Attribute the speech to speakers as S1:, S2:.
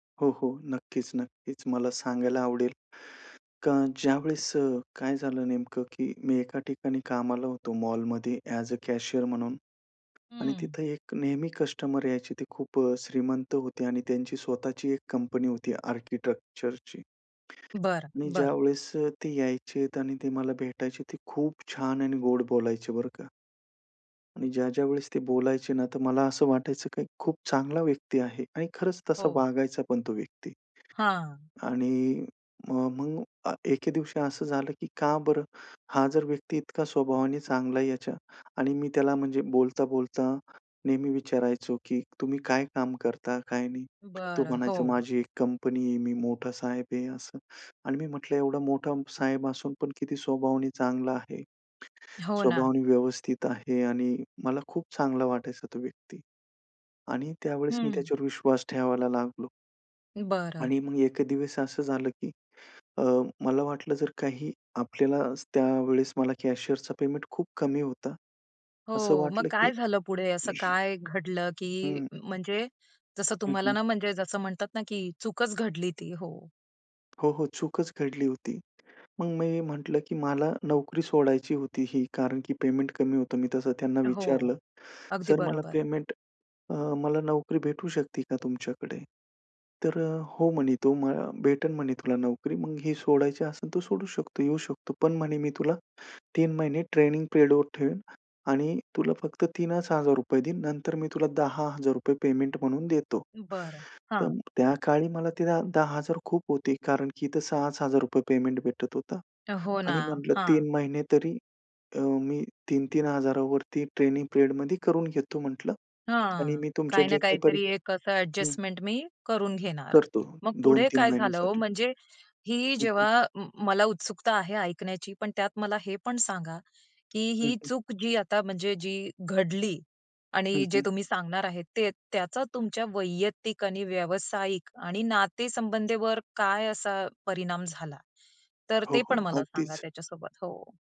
S1: हो, हो. नक्कीच, नक्कीच. मला सांगायला आवडेल का ज्यावेळेस अ, काय झालं नेमकं की मी एका ठिकाणी कामाला होतो मॉलमध्ये ॲज अ कॅशियर म्हणून आणि
S2: हं.
S1: तिथं एक नेहमी कस्टमर यायचे ते खूप अ, श्रीमंत होते आणि त्यांची स्वतःची एक कंपनी होती आर्किटेक्चरची.
S2: बरं,
S1: मी
S2: बरं.
S1: ज्यावेळेस अ, ते यायचेत आणि ते मला भेटायचे ते खूप छान आणि गोड बोलायचे बरं का. आणि ज्या, ज्या वेळेस ती बोलायचे ना, तर मला असं वाटायचं की खूप चांगला व्यक्ती आहे आणि खरंच तसा
S2: हो.
S1: वागायचा पण तो व्यक्ती.
S2: हां.
S1: आणि मग एके दिवशी असं झालं की का बरं हा जर व्यक्ती इतका स्वभावाने चांगला आहे याच्या आणि मी त्याला म्हणजे बोलता-बोलता नेहमी विचारायचो की तुम्ही काय काम करता काय नाही. तो
S2: बरं,
S1: म्हणायचा
S2: हो.
S1: माझी एक कंपनी आहे. मी मोठा साहेब आहे असं आणि मी म्हटलं एवढा मोठा साहेब असून पण किती स्वभावाने चांगला आहे.
S2: हो ना.
S1: स्वभावाने व्यवस्थित आहे आणि मला खूप चांगला वाटायचा तो व्यक्ती आणि त्यावेळेस मी
S2: हं.
S1: त्याच्यावर विश्वास ठेवायला लागलो.
S2: बरं.
S1: आणि मग एक दिवस असं झालं की अ, मला वाटलं जर काही आपल्याला त्यावेळेस मला कॅशियरचा पेमेंट खूप कमी होता.
S2: हो
S1: असं
S2: मग
S1: वाटलं
S2: काय
S1: की
S2: झालं पुढे असं काय घडलं की
S1: हं.
S2: म्हणजे जसं
S1: हं,
S2: तुम्हाला
S1: हं.
S2: ना, म्हणजे जसं म्हणतात ना, की चूकच घडली ती. हो?
S1: हो, हो चूकच घडली होती. मग मी म्हटलं की मला नोकरी सोडायची होती ही कारण की पेमेंट कमी होतं. मी तसं त्यांना
S2: हो,
S1: विचारलं
S2: अगदी
S1: सर मला
S2: बरोबर.
S1: पेमेंट अ, मला नोकरी भेटू शकते का तुमच्याकडे. तर अ, हो म्हणे तो भेटेल म्हणे तुला नोकरी मग ही सोडायची असेल तो सोडू शकतो येऊ शकतो. पण म्हणे मी तुला 3 महिने ट्रेनिंग पिरियडवर ठेवेन आणि तुला फक्त 3च हजार रुपये देईन नंतर मी तुला ₹10,000 रुपये पेमेंट म्हणून देतो.
S2: बरं,
S1: तर
S2: हां.
S1: त्या काळी मला ते ₹10,000 खूप होते कारण की इथं 6च हजार रुपये पेमेंट भेटत होता.
S2: हो ना.
S1: आणि म्हटलं
S2: हां.
S1: 3 महिने तरी अ, मी 3-3 हजारावरती ट्रेनिंग पिरियडमध्ये करून घेतो म्हटलं आणि
S2: हां,
S1: मी तुमच्या
S2: काही
S1: जे
S2: ना
S1: काही परी
S2: काहीतरी एक असं
S1: हं.
S2: एडजस्टमेंट मी करून घेणार
S1: करतो
S2: मग पुढे
S1: 2-3
S2: काय झालं ओ
S1: महिन्यासाठी.
S2: म्हणजे ही
S1: हं, हं.
S2: जेव्हा अ, म मला उत्सुकता आहे ऐकण्याची पण त्यात मला हे पण सांगा की
S1: हं,
S2: ही
S1: हं.
S2: चूक जी आता म्हणजे जी घडली
S1: हं,
S2: आणि जे
S1: हं.
S2: तुम्ही सांगणार आहेत ते त्याचा तुमच्या वैयक्तिक आणि व्यावसायिक आणि नाते संबंधीवर काय असा परिणाम झाला. तर
S1: हो,
S2: ते पण
S1: हो
S2: मला सांगा
S1: अगदीच.
S2: त्याच्या सोबत हो?